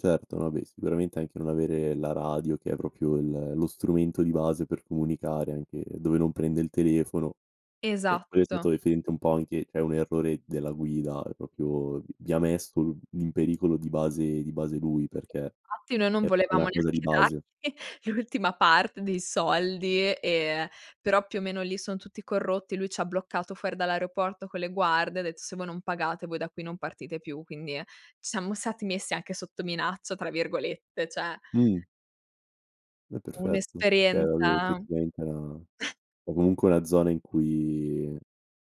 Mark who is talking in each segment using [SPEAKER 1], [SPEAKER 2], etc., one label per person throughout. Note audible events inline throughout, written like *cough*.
[SPEAKER 1] Certo, vabbè sicuramente anche non avere la radio che è proprio il lo strumento di base per comunicare anche dove non prende il telefono, ehm, quello è
[SPEAKER 2] Esatto.
[SPEAKER 1] stato referente un po' anche cioè un errore della guida, ehm, proprio vi vi ha messo i in pericolo di base di base lui perché
[SPEAKER 2] Infatti noi non
[SPEAKER 1] è una
[SPEAKER 2] volevamo
[SPEAKER 1] cosa di
[SPEAKER 2] neanche
[SPEAKER 1] base.
[SPEAKER 2] dargli l'ultima parte dei soldi, ehm, però più o meno lì son tutti corrotti, lui ci ha bloccato fuori dall'aeroporto con le guardie, ha detto: "Se voi non pagate voi da qui non partite più." Quindi, ehm, *unintelligible* siamo stati messi anche sotto "minaccia" tra virgolette, cioè
[SPEAKER 1] Mh. È perfetto, cioè vabbè
[SPEAKER 2] Un'esperienza
[SPEAKER 1] effettivamente è una
[SPEAKER 2] *chuckles*
[SPEAKER 1] o comunque è una zona in cui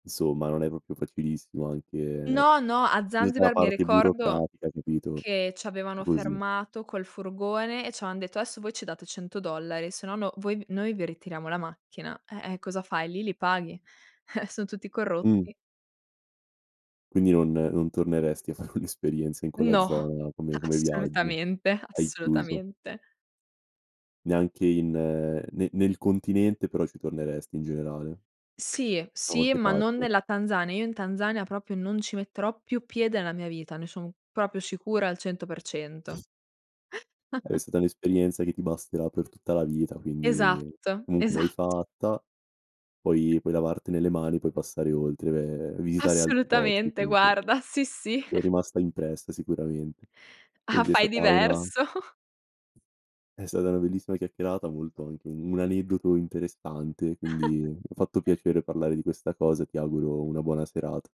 [SPEAKER 1] insomma, non è proprio facilissimo anche
[SPEAKER 2] No, no, a
[SPEAKER 1] giusto, la
[SPEAKER 2] Zanzibar mi
[SPEAKER 1] parte
[SPEAKER 2] ricordo
[SPEAKER 1] burocratica, capito,
[SPEAKER 2] che
[SPEAKER 1] o
[SPEAKER 2] c'avevano
[SPEAKER 1] così
[SPEAKER 2] fermato col furgone e ci avevan detto: "Adesso voi ci date $ 100, se no no voi noi vi ritiriamo la macchina." Eh, eh, cosa fai, li paghi, eh, son tutti
[SPEAKER 1] Mh.
[SPEAKER 2] corrotti.
[SPEAKER 1] Quindi non non torneresti a fare un'esperienza in quella
[SPEAKER 2] No,
[SPEAKER 1] zona come come viaggio,
[SPEAKER 2] assolutamente,
[SPEAKER 1] hai chiuso?
[SPEAKER 2] assolutamente.
[SPEAKER 1] Neanche in nel nel continente però ci torneresti in generale?
[SPEAKER 2] Sì,
[SPEAKER 1] Da
[SPEAKER 2] sì,
[SPEAKER 1] qualche
[SPEAKER 2] ma non
[SPEAKER 1] parte.
[SPEAKER 2] nella Tanzania. Io in Tanzania proprio non ci metterò più piede nella mia vita, ne sono proprio sicura al 100%.
[SPEAKER 1] È
[SPEAKER 2] *chuckles*
[SPEAKER 1] stata un'esperienza che ti basterà per tutta la vita, quindi
[SPEAKER 2] Esatto,
[SPEAKER 1] comunque l'hai
[SPEAKER 2] esatt
[SPEAKER 1] fatta, puoi puoi lavartene mani, puoi passare oltre, beh, e visitare altri posti
[SPEAKER 2] Assolutamente
[SPEAKER 1] comunque.
[SPEAKER 2] guarda, sì sì.
[SPEAKER 1] Ti è
[SPEAKER 2] *chuckles*
[SPEAKER 1] rimasta impressa sicuramente.
[SPEAKER 2] Ah,
[SPEAKER 1] Quindi è
[SPEAKER 2] fai
[SPEAKER 1] stata una
[SPEAKER 2] diverso. *chuckles*
[SPEAKER 1] È stata una bellissima chiacchierata molto anche un aneddoto interessante, quindi mi ha fatto
[SPEAKER 2] *laughs*
[SPEAKER 1] piacere parlare di questa cosa, e ti auguro una buona serata.